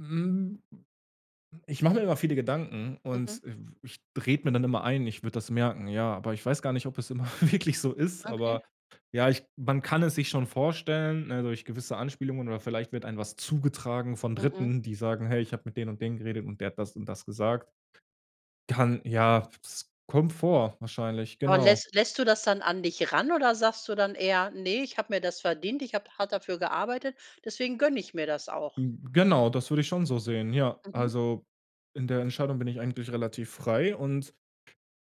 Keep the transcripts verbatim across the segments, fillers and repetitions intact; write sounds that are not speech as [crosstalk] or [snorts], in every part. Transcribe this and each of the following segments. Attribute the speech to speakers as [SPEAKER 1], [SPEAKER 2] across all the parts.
[SPEAKER 1] Mm, ich mache mir immer viele Gedanken
[SPEAKER 2] Mhm.
[SPEAKER 1] und w ich rede mir dann immer ein, ich würde das merken, ja. Aber ich weiß gar nicht, ob es immer wirklich so ist.
[SPEAKER 2] Okay.
[SPEAKER 1] Aber, ja, ich man kann es sich schon vorstellen, ne, durch gewisse Anspielungen oder vielleicht wird einem was zugetragen von
[SPEAKER 2] Mhm.
[SPEAKER 1] Dritten, die sagen: „Hey, ich habe mit den und den geredet und der hat das und das gesagt.“ Kann, ja, s es kommt vor wahrscheinlich,
[SPEAKER 2] Aber
[SPEAKER 1] genau.
[SPEAKER 2] läss lässt du das dann an dich ran oder sagst du dann eher: „Ne, ich habe mir das verdient, ich habe hart dafür gearbeitet, deswegen gönne ich mir das auch?“
[SPEAKER 1] M genau, das würde ich schon so sehen, ja.
[SPEAKER 2] Mhm.
[SPEAKER 1] Also, in der Entscheidung bin ich eigentlich relativ frei und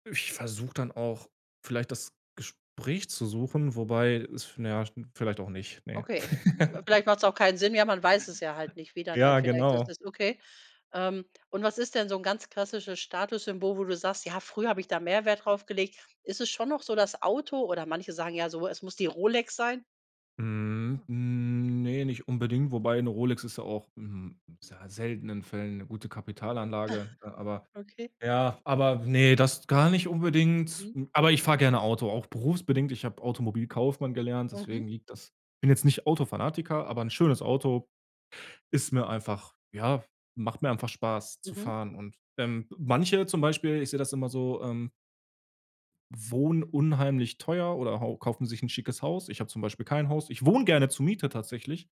[SPEAKER 1] ich versuche dann auch vielleicht das Gespräch zu suchen, wobei es na ja, schn vielleicht auch nicht, ne?
[SPEAKER 2] Okay.
[SPEAKER 1] [chuckles]
[SPEAKER 2] Vielleicht macht's auch keinen Sinn, ja, man weiß es ja halt
[SPEAKER 1] [chuckles]
[SPEAKER 2] nicht, wie dann
[SPEAKER 1] Ja,
[SPEAKER 2] halt vielleicht das
[SPEAKER 1] genau.
[SPEAKER 2] ist. Okay. Ähm, und was ist denn so 'n ganz klassisches Statussymbol, wo du sagst: „Ja, früher habe ich da mehr Wert draufgelegt?“ Ist es schon noch so das Auto? Oder, manche sagen ja so, es muss die Rolex sein.
[SPEAKER 1] Mhm. Ne, nicht unbedingt. Wobei 'ne Rolex ist ja auch, mm, in sehr seltenen Fällen 'ne gute Kapitalanlage. Äh, aber,
[SPEAKER 2] [snorts] Okay.
[SPEAKER 1] ja aber, ne, das gar nicht unbedingt,
[SPEAKER 2] Mhm.
[SPEAKER 1] m aber ich fahre gerne Auto, auch berufsbedingt. Ich habe Automobilkaufmann gelernt,
[SPEAKER 2] Mhm.
[SPEAKER 1] deswegen liegt das bin jetzt nicht Autofanatiker, aber 'n schönes Auto ist mir einfach ja, macht mir einfach Spaß zu
[SPEAKER 2] Mhm.
[SPEAKER 1] fahren. Und, ähm, m manche zum Beispiel, ich sehe das immer so, ähm wohnen unheimlich teuer oder hau kaufen sich 'n schickes Haus. Ich habe zum Beispiel kein Haus. Ich wohne gerne zur Miete tatsächlich,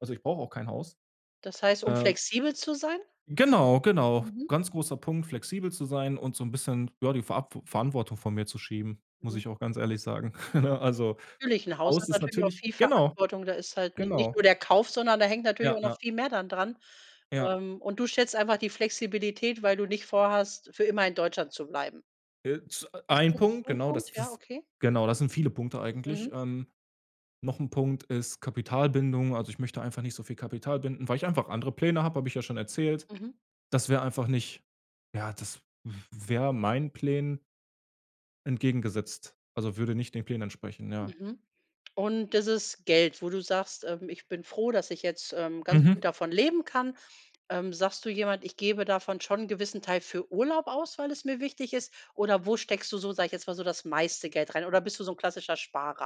[SPEAKER 1] also, ich brauche auch kein Haus.
[SPEAKER 2] Das heißt, um
[SPEAKER 1] Äh
[SPEAKER 2] flexibel zu sein?
[SPEAKER 1] Genau, genau.
[SPEAKER 2] Mhm.
[SPEAKER 1] Ganz großer Punkt, flexibel zu sein und so 'n bisschen, ja, die Va V Verantwortung von mir zu schieben, muss
[SPEAKER 2] Mhm.
[SPEAKER 1] ich auch ganz ehrlich sagen. [chuckles] Ne, also,
[SPEAKER 2] Natürlich, 'n Haus
[SPEAKER 1] Haus
[SPEAKER 2] hat
[SPEAKER 1] ist
[SPEAKER 2] natürlich auch
[SPEAKER 1] natürlich
[SPEAKER 2] viel
[SPEAKER 1] Genau,
[SPEAKER 2] Verantwortung, da ist halt nich nicht
[SPEAKER 1] genau.
[SPEAKER 2] nur der Kauf, sondern da hängt natürlich
[SPEAKER 1] Ja.
[SPEAKER 2] auch noch
[SPEAKER 1] Ja.
[SPEAKER 2] viel mehr dann dran.
[SPEAKER 1] Ja.
[SPEAKER 2] Ähm, und du schätzt einfach die Flexibilität, weil du nicht vor hast, für immer in Deutschland zu bleiben?
[SPEAKER 1] Äh, z
[SPEAKER 2] Ist
[SPEAKER 1] ein
[SPEAKER 2] das
[SPEAKER 1] Punkt,
[SPEAKER 2] so 'n
[SPEAKER 1] genau. Das
[SPEAKER 2] Punkt?
[SPEAKER 1] ist
[SPEAKER 2] Ja,
[SPEAKER 1] das
[SPEAKER 2] okay.
[SPEAKER 1] genau, das sind viele Punkte eigentlich.
[SPEAKER 2] Mhm.
[SPEAKER 1] Ähm, noch 'n Punkt ist Kapitalbindung. Also, ich möchte einfach nicht so viel Kapital binden, weil ich einfach andere Pläne habe, habe ich ja schon erzählt.
[SPEAKER 2] Mhm.
[SPEAKER 1] Das wäre einfach nicht ja, das w wäre meinen Plänen entgegengesetzt, also, würde nicht den Plänen entsprechen, ja.
[SPEAKER 2] Mhm. Und, dieses Geld, wo du sagst, ähm: „Ich bin froh, dass ich jetzt, ähm, ganz
[SPEAKER 1] Mhm.
[SPEAKER 2] gut davon leben kann.“ Ähm, sagst du jemand: „Ich gebe davon schon 'n gewissen Teil für Urlaub aus, weil es mir wichtig ist“ oder wo steckst du so, sage ich jetzt mal, so das meiste Geld rein? Oder, bist du so 'n klassischer Sparer?